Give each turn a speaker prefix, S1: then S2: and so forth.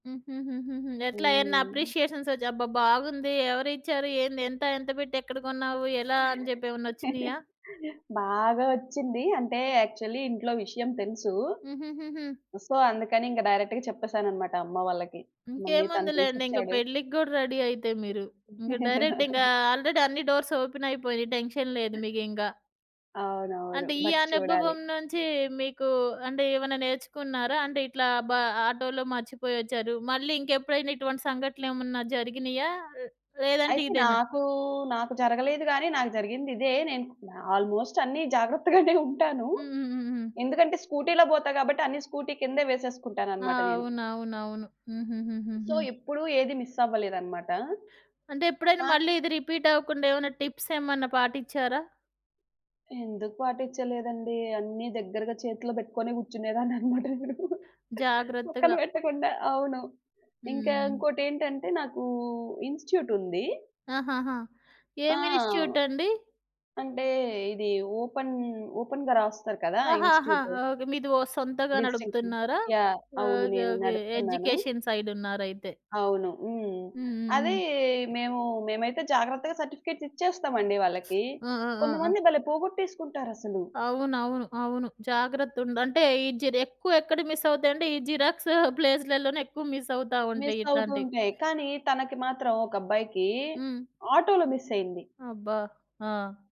S1: హుహుహు. ఎట్లా ఏమన్నా
S2: హ్మ్.
S1: అప్రిషియేషన్స్ ఒచ్ అబ్బా! బాగుంది ఎవరిచ్చారు? ఏంది? ఎంత ఎంత బెట్టి ఎక్కడ గొన్నావు? ఎలా అని జెప్పి ఏమన్నొచ్చినియా?
S2: బాగా ఒచ్చింది. అంటే యాక్చువలి ఇంట్లో విషయం తెలుసు.
S1: హుహుహు.
S2: సో అందుకని ఇంక డైరెక్ట్‌గా చెప్పేసానన్నమాట అమ్మ వాళ్ళకి మమ్మీ తను
S1: ఇంకేముందిలేండి. ఇంగ
S2: తీసిచ్చాడు.
S1: పెళ్ళికి గూడా రెడీ అయితే మీరు. ఇంక డైరెక్ట్ ఇంగా ఆల్రెడీ అన్ని డోర్స్ ఓపెనైపోయినియి. టెన్షన్ లేదు మీకింక.
S2: అవునవును.
S1: అంటే ఈ
S2: బట్ చూడాలి.
S1: అనుభవం నుంచి మీకు అంటే ఏమన్నా నేర్చుకున్నారా? అంటే ఇట్లా బ ఆటోలో మర్చిపోయొచ్చారు. మళ్ళీ ఇంకెప్పుడైనా ఇటువంటి సంఘటనలు ఏమన్నా జరిగినియా? ఆహ్, లేదంటే
S2: అయితే
S1: ఇదేనా?
S2: నాకు, నాకు జరగలేదు గానీ నాకు జరిగింది ఇదే. నేను కు ఆల్మోస్ట్ అన్ని జాగ్రత్తగానే ఉంటాను.
S1: హుహుహు.
S2: ఎందుకంటే స్కూటీ‌లో బోతా గాబట్టి అన్ని స్కూటీ కిందే వేసేసుకుంటానన్నమాట నేను.
S1: అవునవునవును.
S2: సో
S1: హుహుహు.
S2: ఎప్పుడు ఏది మిసవ్వలేదన్నమాట.
S1: అంటే ఎప్పుడైనా
S2: మాకుం
S1: మళ్ళి ఇది రిపీటవ్వకుండా ఏమన్న టిప్సేమన్నా పాటిచ్చారా?
S2: ఎందుకు పాటించలేదండి అన్ని దగ్గరగా చేతిలో బెట్టుకొనే గూర్చునేదాన్నన్నమాట. [unintelligible] పక్కన
S1: జాగ్రత్తగా.
S2: బెట్టకుండా. అవును. ఇంకా
S1: హ్మ్.
S2: ఇంకోటేంటంటే నాకు ఇన్‌స్టి‌ట్యూటుంది.
S1: ఆహాహా!
S2: ఆ!
S1: ఏం ఇన్స్‌స్టిట్యూటండి?
S2: అంటే ఇది ఓపెన్ ఓపెన్‌గా రాస్తారు కదా!
S1: ఆహాహా!
S2: ఇన్‌స్టి‌ట్యూట్.
S1: ఓకే. మీదో ఓ సొంతంగా
S2: డిస్టింక్షన్.
S1: నడుపుతున్నారా?
S2: యాహ్! అవును.
S1: ఓకే,
S2: నేను
S1: ఓకే.
S2: నడుపుతున్నాను.
S1: ఎడ్యుకేషన్ సైడ్ ఉన్నరైతే?
S2: అవును. హ్మ్.
S1: హ్మ్,
S2: అది
S1: హ్మ్.
S2: మేము, మేమైతే జాగ్రత్తగా సర్టిఫికేట్స్ ఇచ్చేస్తామండి వాళ్ళకి.
S1: ఆ! ఆ! ఆ!
S2: కొంతమంది భలే పోగొట్టేసుకుంటారసలు.
S1: అవునవును. అవును. జాగ్రత్త ఉండ్ అంటే ఈ జీర్ ఎక్కువ ఎక్కడ మిసవుతాయి అంటే, ఈ జిరాక్స్ ప్లేసులలోనే ఎక్కువ మిసవుతా ఉంటాయి ఇట్లాంటియి.
S2: మిసవుతుంటాయి. కానీ తనకి మాత్రం ఒక అబ్బాయికి
S1: హ్మ్.
S2: ఆటోలో మిసయింది.
S1: అబ్బా! ఆ!